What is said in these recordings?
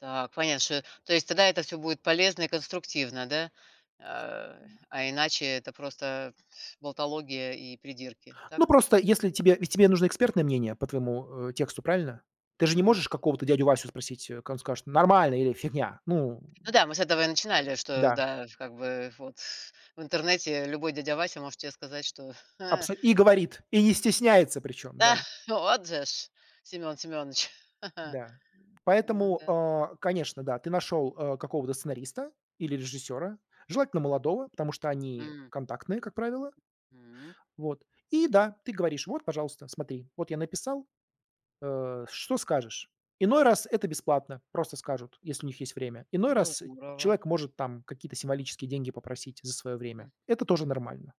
Так, понятно. Шо то есть тогда это всё будет полезно и конструктивно, да? А, а иначе это просто болтология и придирки, так? Ну просто, если тебе ведь тебе нужно экспертное мнение по твоему, э, тексту, правильно? Ты же не Мгм. можешь какого-то дядю Васю спросить, кад он скажет: "Нормально!" Или "Фигня!" Ну Ну да, мы с этого и начинали, что, Да. да, как бы вот в интернете любой дядя Вася может те сказать, что Абсо и говорит, и не стесняется причем, Да, да. вот же ж, Семён Семёныч! Да. Ну Поэтому, да. а, конечно, да, ты нашел, э, какого-то сценариста или режиссера, желательно молодого, потому что они М. контактные, как правило. М. Вот. И да, ты говоришь: "Вот, пожалуйста, смотри, вот я написал. А, что скажешь?" Иной раз это бесплатно, просто скажут, если у них есть время. Иной Ну, раз здорово. человек может, там, какие-то символические деньги попросить, за свое время. М. Это тоже Мгм. нормально.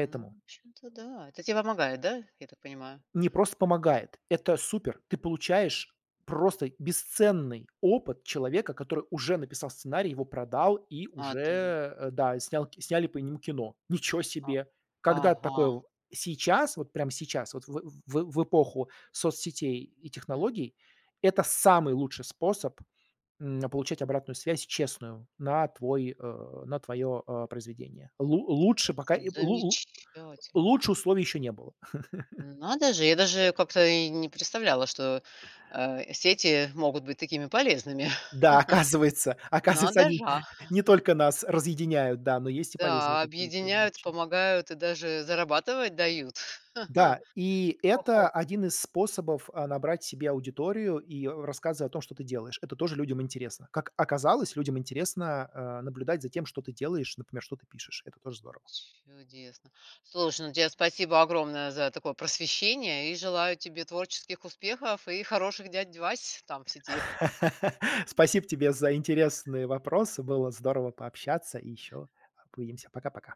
Ну, в общем-то, да. Это те помогает, да, я так понимаю? Не просто помогает. Это супер! Ты получаешь просто бесценный опыт человека, который уже написал сценарий, его продал и Отли уже, да, и снял сняли по нему кино. Ниче А. себе! Когда-то Ага. такое сейчас, вот прямо сейчас, вот в в эпоху соцсетей и Мгм. технологий- это самый лучший способ, м, получать обратную связь честную на твой а, на твое, а, произведение. Лу лучше пока и З лу лу замечательно. лучше условий еще не было. Ну надо же, я даже как-то и не представляла, что, а, сети могут быть такими полезными. Да, оказывается. Оказывается, надо они жа. не только нас разъединяют, да, но есть и полезные Да, какие-то объединяют, отличия. помогают и даже зарабатывать дают. Да, и Хо-хо! это один из способов, а, набрать себе аудиторию и, э, рассказы о том, что ты делаешь. Это тоже людям интересно. Как оказалось, людям интересно, а, наблюдать за тем, что ты делаешь, например, что ты пишешь. Это тоже здорово. Чудесно. Слушай, ну те спасибо огромное за такое просвещение, и желаю тебе творческих успехов и хороших дядь Вась там, в сети. Спасибо тебе за Да. интересные вопросы. Было здорово пообщаться, и ещё увидимся. Пока-пока.